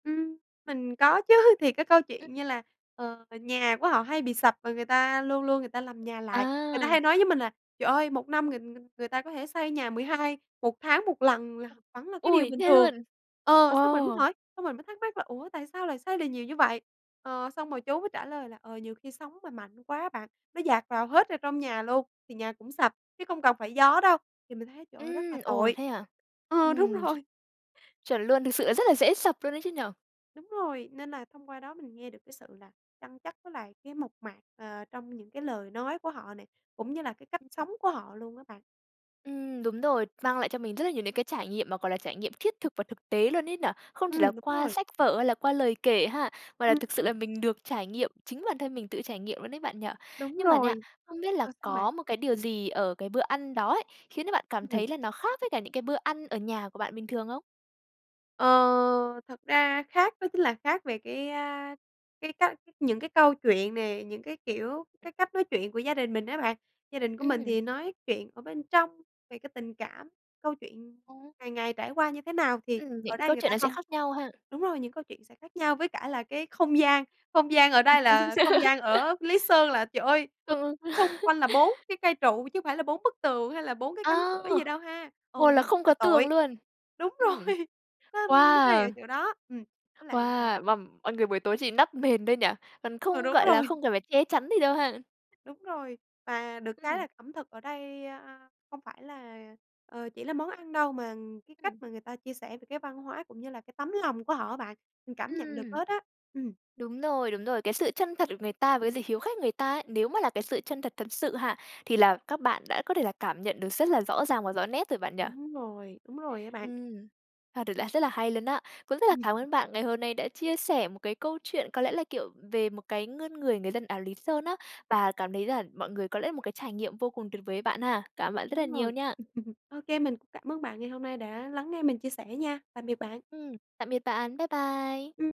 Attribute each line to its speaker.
Speaker 1: Ừm. Mình có chứ, thì cái câu chuyện
Speaker 2: Ừm.
Speaker 1: như là, ờ, nhà của họ hay bị sập và người ta luôn luôn người ta làm nhà lại. Người ta
Speaker 2: À.
Speaker 1: hay nói với mình là "Trời ơi 1 năm người người người ta có thể xây nhà mười hai 1 tháng 1 lần là vẫn là cái điều
Speaker 2: Ôi,
Speaker 1: bình
Speaker 2: thế
Speaker 1: thường."
Speaker 2: luôn?
Speaker 1: Ờ,
Speaker 2: Ồ!
Speaker 1: xong mình mới hỏi, xong mình mới thắc mắc là "Ủa, tại sao lại xây được nhiều như vậy?" Ờ, xong rồi chú mới trả lời là, ờ, nhiều khi sóng mà mạnh quá á bạn, nó dạt vào hết ở trong nhà luôn, thì nhà cũng sập chứ không cần phải gió đâu, thì mình thấy trời ơi rất là
Speaker 2: Ừm, ồ
Speaker 1: tội.
Speaker 2: thế hả?
Speaker 1: Ờ, đúng
Speaker 2: Ừm. Ch
Speaker 1: rồi.
Speaker 2: chuẩn luôn, thực sự là rất là dễ sập luôn ấy chứ nhỉ?
Speaker 1: Đúng rồi, nên là thông qua đó mình nghe được cái sự là chân chất với lại cái mộc mạc, ờ, trong những cái lời nói của họ nè, cũng như là cái cách
Speaker 2: [unintelligible]
Speaker 1: sống của họ luôn á bạn.
Speaker 2: Ừm, đúng rồi, mang lại cho mình rất là nhiều những cái trải nghiệm mà, gọi là, trải nghiệm triết thực và thực tế luôn ấy nở? Không chỉ
Speaker 1: Ừm,
Speaker 2: là
Speaker 1: đúng
Speaker 2: qua
Speaker 1: rồi.
Speaker 2: sách vở hay là qua lời kể ha, mà là
Speaker 1: Ưm,
Speaker 2: thực sự
Speaker 1: ừm.
Speaker 2: là mình được trải nghiệm, chính bản thân mình tự trải nghiệm luôn đấy bạn nhỉ?
Speaker 1: Đúng
Speaker 2: Nhưng mà nha,
Speaker 1: rồi.
Speaker 2: không biết là
Speaker 1: Rồi, sao bạn?
Speaker 2: có một cái điều gì ở cái bữa ăn đó ấy, khiến cho bạn cảm
Speaker 1: Ừm.
Speaker 2: thấy là nó khác với cả những cái bữa ăn ở nhà của bạn bình thường không?
Speaker 1: Ờ. Thật ra khác đó chính là khác về cái, a, cái cách những cái câu chuyện nè, những cái kiểu, cái cách nói chuyện của gia đình mình á bạn. Gia đình của mình
Speaker 2: Ừm.
Speaker 1: thì nói chuyện ở bên trong, về cái tình cảm, câu chuyện
Speaker 2: Ồ.
Speaker 1: ngày ngày trải qua như thế nào thì
Speaker 2: Ừm, những
Speaker 1: ở
Speaker 2: cái
Speaker 1: đây
Speaker 2: câu
Speaker 1: người
Speaker 2: chuyện
Speaker 1: ta
Speaker 2: nó sẽ
Speaker 1: không
Speaker 2: khác nhau ha.
Speaker 1: đúng rồi, những câu chuyện sẽ khác nhau với cả là cái không gian, không gian ở đây là không gian ở Lý Sơn là, trời ơi,
Speaker 2: Ừ.
Speaker 1: xung quanh là 4 cái cây trụ chứ phải là bốn bức tường hay là bốn cái
Speaker 2: A.
Speaker 1: cánh cửa gì đâu ha. Ừ,
Speaker 2: Ồ, là
Speaker 1: nhìn rất
Speaker 2: không
Speaker 1: là
Speaker 2: có tường
Speaker 1: tội.
Speaker 2: luôn.
Speaker 1: Đúng
Speaker 2: Ừm.
Speaker 1: rồi. Nó hay ở
Speaker 2: Wow!
Speaker 1: chỗ đó. Ừm. Với lại là
Speaker 2: Wow, mà mọi người buổi tối chỉ đắp mền thôi nhỉ, còn
Speaker 1: Ờ,
Speaker 2: không,
Speaker 1: đúng
Speaker 2: gọi là,
Speaker 1: rồi.
Speaker 2: không cần phải che chắn gì đâu ha?
Speaker 1: Đúng rồi, và được cái
Speaker 2: Ừm.
Speaker 1: là ẩm thực ở đây, a, không phải là, ờ, chỉ là món ăn đâu mà cái cách
Speaker 2: Ừm.
Speaker 1: mà người ta chia sẻ về cái văn hóa, cũng như là cái tấm lòng của họ á bạn. Mình cảm nhận được
Speaker 2: Ừm.
Speaker 1: hết á. Ừm.
Speaker 2: Đúng rồi, đúng rồi. Cái sự chân thật của người ta với dự hiếu khách người ta ấy, nếu mà là cái sự chân thật thật sự ha, thì là các bạn đã có thể là cảm nhận được rất là rõ ràng và rõ nét rồi bạn nhỉ?
Speaker 1: Đúng rồi, đúng rồi á bạn.
Speaker 2: Ừm [unintelligible] là rất là hay luôn á. Cũng rất là
Speaker 1: Ừm,
Speaker 2: cảm
Speaker 1: ừ.
Speaker 2: ơn bạn ngày hôm nay đã chia sẻ một cái câu chuyện có lẽ là, kiểu, về một cái ngươn người người dân áo Lý Sơn á. Và cảm thấy là mọi người có lẽ là một cái trải nghiệm vô cùng tuyệt vời ấy bạn ha. Cảm ơn bạn rất là
Speaker 1: Đúng
Speaker 2: nhiều
Speaker 1: rồi.
Speaker 2: nha.
Speaker 1: Ok mình cũng cảm ơn bạn ngày hôm nay đã lắng nghe mình chia sẻ nha. Tạm biệt bạn.
Speaker 2: Ừm, tạm biệt bạn. Bye bye.
Speaker 1: Ừm.